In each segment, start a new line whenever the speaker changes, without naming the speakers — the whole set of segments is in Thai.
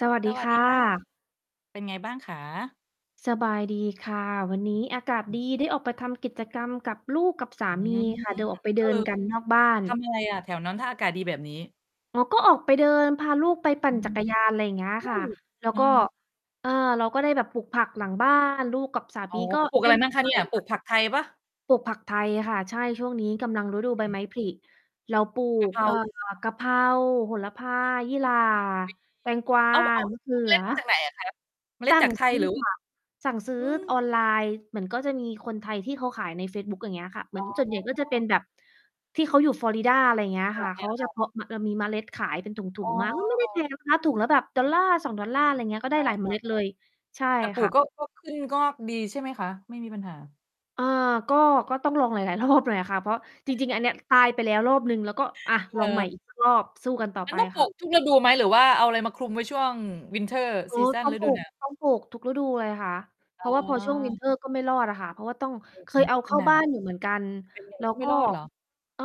สวัส
ส
ดี
วั
ค
ส
่
ดี ค่ะ
ะ
เป็นไงบ้างคะ?
สบายดีค่ะ วันนี้อากาศ
อื
ด
อ
ี ได้ออกไปทำกิจกรรมกับลูกกับส
อ
า
ื
มี
ม
ค่ะ โดย ออกไปเ
อา เอ
ด
อ
ินกันนอกบ้าน
ทำยังไงอะแถวนั้น ถ้าอากาศดีแบบนี้?
อ๋อ ก็ออกไปเดิน พาลูกไปป
อ
ั่
ื
น จ
ม
ักรยาน ไรอย่างเงี้ย
เฮ้
ค่ะ
ย
แล้ว
เน
ก
า
็
ะนะ
เออ เราก็ได้แบบปลูกผักหลัง บ้าน ลูกกับสาม
อ๋อ
ีก็
ปลูก
เ
อ
ล
ะ
่
ไร
น
มั
ก
่
ั
ง
น
คะ
ไป
เนี่ย ปล
อ
ู
ะ
กผักไทยเปล่า?
ปลูกผักไทยค่ะ ใช่ ช่วงนี้กำลังฤดูใบ
อ
ไม
ืม
้ผลิ เราปลู
กะ
ก
เพรา
เอ่อ
[unintelligible]
กะเพรา โหระพา
อืม
ยี่หร่า แตงกวา
[unintelligible] เอา เอา
มะเข
เ
ื
อาเมล
อ
็ดมาจากไหนอะคะ เมล
ส
็ด
ั่
จ
ง
ากไท
ซ
ย
ื้
ห
อ
รือ ว
ค
่า
่ะ สั่งซื้
อ
อ
ืม
ออนไลน์ เหมือนก็จะมีคนไทยที่เขาขายในเฟซบุ๊ก อย่างเงี้ยค่ะ เหม
อ
ื
๋
อน
อ
ส่วนใหญ่ก็จะเป็นแบบ ที่เขาอยู่ฟลอริดา อะไรเงี้ย
อ
ค่ะ เข
า
าก็จะ
ๆ ๆ
เพาะมะ แล้วมีเมล็ดขายเป็นถุ
อ๋อ
ง ๆ มา ก็ไม่ได้ แพ
ๆ
งนะ คะ ถุงละแบบ $1-$2 ไรเงี้ย ก็ได
อ
้
า
หลายเมล็ดเลย ใช่
ๆ เออ แต่ปลู
ค่
ก
ะ
ก็ ก็ ขึ้น งอกดีใช่ไหมคะ? ไม่มีปัญหา
เอ่อ ก็ ก็ต้องลอง หลาย ๆ รอบ หน่อยอะค่ะ เพราะจ
ใช่
ร
เ
ิ
ล
ง ๆ อ
ย
ันเนี้ยตายไปแล้วรอบหนึ่ง แล้วก็ อา
เห
ล
ร
องใหม่
อ?
อีก สัก รอบ สู้กันต่อ
มั
ไ
น
ป
ต้องปล
ค
ู
่ะ
กทุกฤดูไหม? หรือว่าเอาอะไรมาคลุมไว้ช่วง วินเตอร์
โอ้
ซีซัน
ต้อง
ฤ
ปล
ด
ู
ู ห
ก
นาว?
ต้องปลูกทุกฤดูเลยค่ะ เพ
อ๋
ราะว่าพอช่วง วิน
อ
เตอร์ ก็ไม่รอดอะค่ะ เพราะว่าต้อง
เออ
เค
อื
ย
ม
เอา
ม
เ
ั
ข
น
้า
หนา
บ้
ว
านอยู่เหมือนกัน
เป็นไง
แล้
ก
ว
็ไม
ก
่
็
รอดเหรอ?
อ่า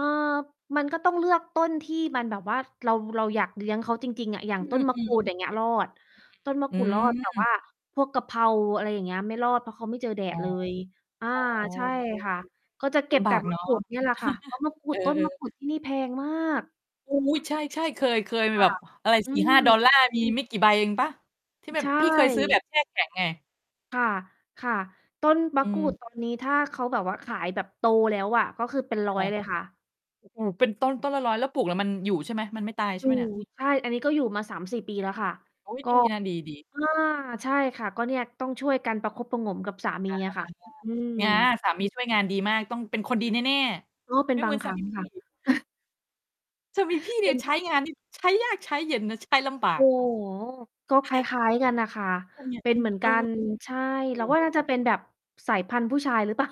มันก็ต้องเลือกต้นที่มันแบบว่า เรา เราอยากเลี้ยงเขาจริง ๆ อะ อย่า
อ
ง
ื
ต้นมะก
อ
รูด อย่างเงี้ย รอด ต้นมะ
ๆ อื
กรูดรอด แต่ว่
ม
าพวกกะเพรา อะไรอย่างเงี้ย ไม่รอด เพราะเขาไม่เจอแด
อ๋
ด
อ
เลย อา
อ๋อ
ใช่
ก็โอ
ค่ะ ก็
เค
จะเก
ล
็บ
ำบ
แต
า
่
ก
ม
เน
ะ
าะ
กรูดเนี่ยแหละค่ะ เพราะมะกรู
เอ
ด
อ
ต้นมะ
ๆ
กรูด ที่นี่แพงมาก
โอ้โฮ! ใช่ ๆ เคย เคยมี
ค
แ
่
บ
ะ
บอะไร
อื
สี่ห้าดอ
ม
ลลาร์ มีไม่กี่ใบเองเปล่า? ที่แบ
ใช
บ พี่เคยซื้อแบ
่
บแช่แข็งไง
ค่ะ ค่ะ ต้น ม
อ
ะกรูด
ืม
ตอน นี้ ถ้าเขาแบบว่าขายแบบโตแล้วอะ ก็คือเป็น ร
ค
้อ
่
ย
ะ
เลยค่ะ
โอ้โฮ เป็นต้นต้นละ 100 แล้วปลูก แล้วมันอยู่ใช่ไหม มันไม่ตายใช
ต
่
ู
ไหมเนี่ย?
ด ใช่ อันนี้ก็อยู่มา 3-4 ปีแล้วค่ะ
อุ๊ย! ดีนะ ดี ๆ
ก็ อา ใช่ค่ะ ก็เนี่ยต้องช่วยกันประคบประหงมกับสามี
อา
อะค่ะ อ อืม
ง๊า สามีช่วยงานดีมาก ต้องเป็นคนดีแน่
ก็เป
ๆ
็
ไ
น
ม่
บ
เห
า
มื
ง
อน
ค
ส
ร
า
ั้
ม
ง
ีพี
ค่
่
ะ
สามีพี่เ
เ
น
ป
ี่
็
ย
น
ใช้งานนี่ ใช้ยากใช้เย็นนะ ใช้ลำบา
โอ
ก
้โฮ! ก็คล้าย ๆ กันน่ะค่ะ
เออ เนี่
เ
ย
ป็นเหมือน
เอ
ก
อ
ัน ใช่
โอ้
เร
โ
าว่าน
ฮ!
่าจะเป็นแบบสายพันธุ์ผู้ชายหรือ เปล่า